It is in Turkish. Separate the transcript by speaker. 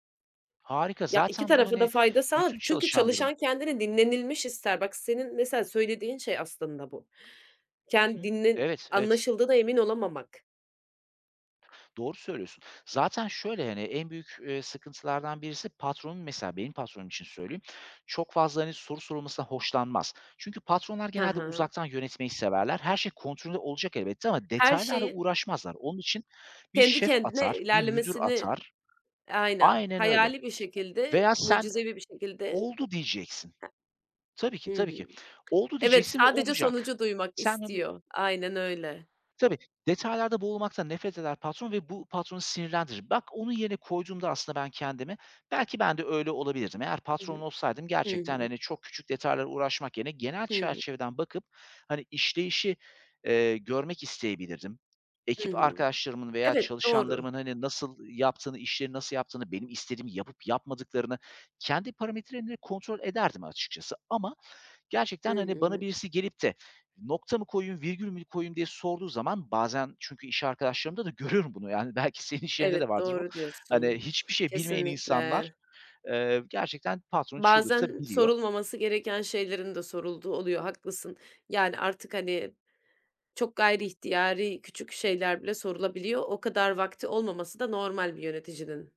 Speaker 1: Harika!
Speaker 2: Ya, iki
Speaker 1: Zaten bu,
Speaker 2: tarafa da
Speaker 1: hani,
Speaker 2: fayda sağlar
Speaker 1: bütün
Speaker 2: çünkü
Speaker 1: çalışanların
Speaker 2: çalışan kendini dinlenilmiş ister. Bak, senin mesela söylediğin şey aslında bu.
Speaker 1: Hı
Speaker 2: Ken
Speaker 1: hı.
Speaker 2: dinle
Speaker 1: Evet, evet.
Speaker 2: Anlaşıldığına emin olamamak.
Speaker 1: Doğru söylüyorsun. Zaten şöyle: Hani, en büyük, eee, sıkıntılardan birisi patronun, mesela benim patronum için söyleyeyim, çok fazla, hani, soru sorulmasından hoşlanmaz. Çünkü patronlar
Speaker 2: Ha
Speaker 1: genelde
Speaker 2: ha.
Speaker 1: uzaktan yönetmeyi severler. Her şey kontrollü olacak elbette ama
Speaker 2: Her
Speaker 1: detaylarla
Speaker 2: şeyin
Speaker 1: uğraşmazlar. Onun için bir
Speaker 2: kendi
Speaker 1: şef
Speaker 2: kendine
Speaker 1: atar, bir müdür
Speaker 2: ilerlemesini
Speaker 1: atar.
Speaker 2: Aynen.
Speaker 1: Aynen öyle.
Speaker 2: Hayali bir şekilde,
Speaker 1: Veya sen,
Speaker 2: mucizevi bir şekilde
Speaker 1: "Oldu." diyeceksin. Tabii ki,
Speaker 2: Ha Hı
Speaker 1: tabii ki.
Speaker 2: hı.
Speaker 1: "Oldu."
Speaker 2: Evet,
Speaker 1: diyeceksin ve
Speaker 2: sadece
Speaker 1: olacak.
Speaker 2: sonucu duymak
Speaker 1: Sen, hani
Speaker 2: istiyor. Aynen öyle.
Speaker 1: Tabii, detaylarda boğulmaktan nefret eder patron ve bu patronu sinirlendirir. Bak, onun yerine koyduğumda aslında ben kendimi, belki ben de öyle olabilirdim. Eğer
Speaker 2: Hı hı.
Speaker 1: patron olsaydım
Speaker 2: Hı
Speaker 1: gerçekten,
Speaker 2: hı.
Speaker 1: hani, çok küçük detaylarla uğraşmak yerine genel
Speaker 2: Hı hı.
Speaker 1: çerçeveden bakıp, hani, işleyişi, eee, görmek isteyebilirdim.
Speaker 2: Hı
Speaker 1: Ekip
Speaker 2: hı.
Speaker 1: arkadaşlarımın veya
Speaker 2: Evet, doğru.
Speaker 1: çalışanlarımın, hani, nasıl yaptığını, işleri nasıl yaptığını, benim istediğimi yapıp yapmadıklarını kendi parametrelerimle kontrol ederdim açıkçası. Ama
Speaker 2: Hı
Speaker 1: gerçekten, hani, bana
Speaker 2: hı.
Speaker 1: birisi gelip de, "Nokta mı koyayım, virgül mü koyayım?" diye sorduğu zaman Bazen çünkü iş arkadaşlarımda da görüyorum bunu. Yani, belki senin işyerinde de
Speaker 2: Evet,
Speaker 1: vardır bu.
Speaker 2: doğru
Speaker 1: Hani,
Speaker 2: diyorsun.
Speaker 1: hiçbir şey bilmeyen insanlar,
Speaker 2: Kesinlikle!
Speaker 1: eee, gerçekten patronu
Speaker 2: Bazen
Speaker 1: çıldırtabiliyor.
Speaker 2: sorulmaması gereken şeylerin de sorulduğu oluyor. Haklısın. Yani, artık, hani, çok gayriihtiyari küçük şeyler bile sorulabiliyor. O kadar vakti olmaması da normal bir yöneticinin.